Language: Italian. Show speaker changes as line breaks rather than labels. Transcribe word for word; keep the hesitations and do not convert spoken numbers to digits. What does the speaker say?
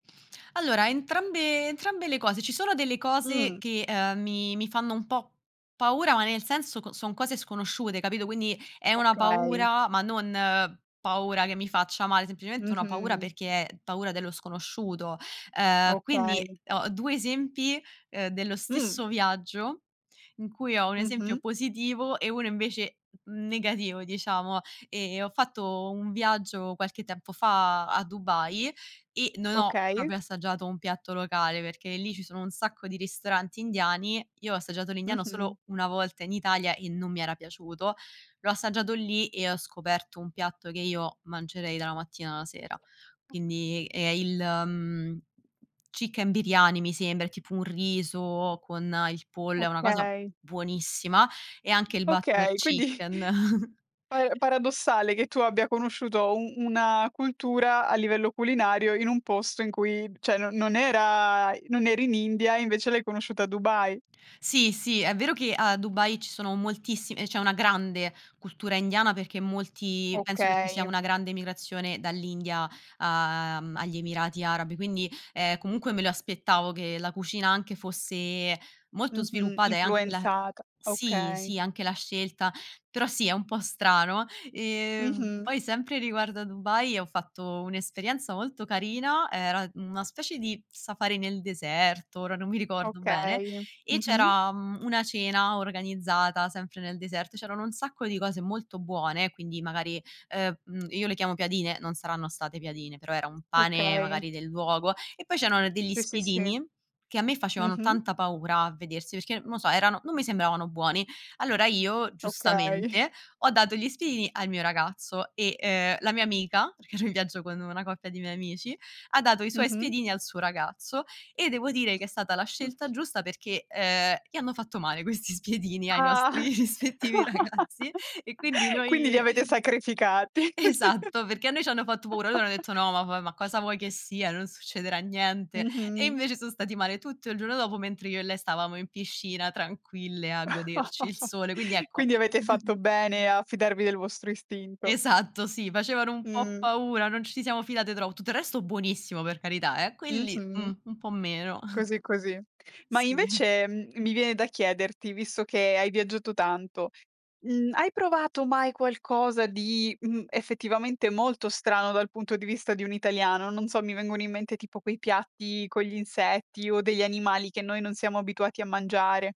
Allora entrambe entrambe le cose, ci sono delle cose
Mhmm.
che, ehm, mi mi fanno un po' paura, ma nel senso co son cose sconosciute, capito? Quindi è una
Okay.
paura, ma non paura che mi faccia male, semplicemente una paura
Mh-mh.
perché è paura dello sconosciuto. Uhm, quindi
Okay.
ho due esempi, ehm, dello
Mh.
stesso viaggio, in cui ho un esempio
Mh-mh.
positivo e uno invece n negativo diciamo. Ehm, ho fatto un viaggio qualche tempo fa a Dubai e non ho
Okay.
proprio assaggiato un piatto locale, perché lì ci sono un sacco di ristoranti indiani. Io ho assaggiato l'Indiano
Mh-mh.
solo una volta in Italia e non mi era piaciuto. L'ho assaggiato lì e ho scoperto un piatto che io mangerei dalla mattina alla sera. Quindi è il mhmm, chicken biryani mi sembra, è tipo un riso con il pollo è una cosa
Okay.
buonissima e anche il butter
Okay, quindi
chicken.
para paradossale che tu abbia conosciuto un una cultura a livello culinario in un posto in cui ceh, no non era non eri in India e invece l'hai conosciuta a Dubai.
Sì, sì, è vero che a Dubai ci sono moltissime c'è una grande cultura indiana perché molti penso che ci sia
Okay.
una grande emigrazione dall'India, uhm, agli Emirati Arabi, quindi, ehm, comunque me lo aspettavo che la cucina anche fosse molto
Mh-mh,
sviluppata e anche la
influenzata,
sì,
okay.
sì, anche la scelta, però sì, è un po' strano. Ehm,
Mh-mh.
poi sempre riguardo a Dubai ho fatto un'esperienza molto carina, era una specie di safari nel deserto, ora non mi ricordo bene
Okay,
e
mh-mh.
c'era, mhmm, una cena organizzata sempre nel deserto. C'erano un sacco di cose molto buone, quindi magari ehm, io le chiamo piadine, non saranno state piadine, però era un pane
Okay.
magari del luogo e poi c'erano degli
Sì, sì, sì.
spiedini, che a me facevano
Mh-mh.
tanta paura a vedersi perché non lo so, erano non mi sembravano buoni. Allora io
Okay.
giustamente, ho dato gli spiedini al mio ragazzo, e, ehm, la mia amica, perché ero in viaggio con una coppia di miei amici, ha dato i suoi
Mh-mh.
spiedini al suo ragazzo e devo dire che è stata la scelta giusta perché, ehm, gli hanno fatto male questi spiedini ai
Ah!
nostri rispettivi ragazzi e quindi
Quindi li
noi
avete sacrificati.
Esatto, perché a noi ci hanno fatto paura. Loro hanno detto: "No, ma va ma cosa vuoi che sia? Non succederà niente". E
Mh-mh.
invece sono stati male tutto il giorno dopo, mentre io e lei stavamo in piscina tranquille a goderci il sole. Quindi ecco
Quindi avete fatto bene a fidarvi del vostro istinto.
Esatto, sì, facevano un po'
Mh.
paura, non ci siamo fidate tro tutto il resto buonissimo per carità eh, quelli,
Mh-mh.
uhm, un po' meno.
Così, così. Ma
Sì.
invece, uhm, mi viene da chiederti visto che hai viaggiato tanto, mhmm, hai provato mai qualcosa di, mhmm, effettivamente molto strano dal punto di vista di un italiano? Non so, mi vengono in mente tipo quei piatti con gli insetti o degli animali che noi non siamo abituati a mangiare.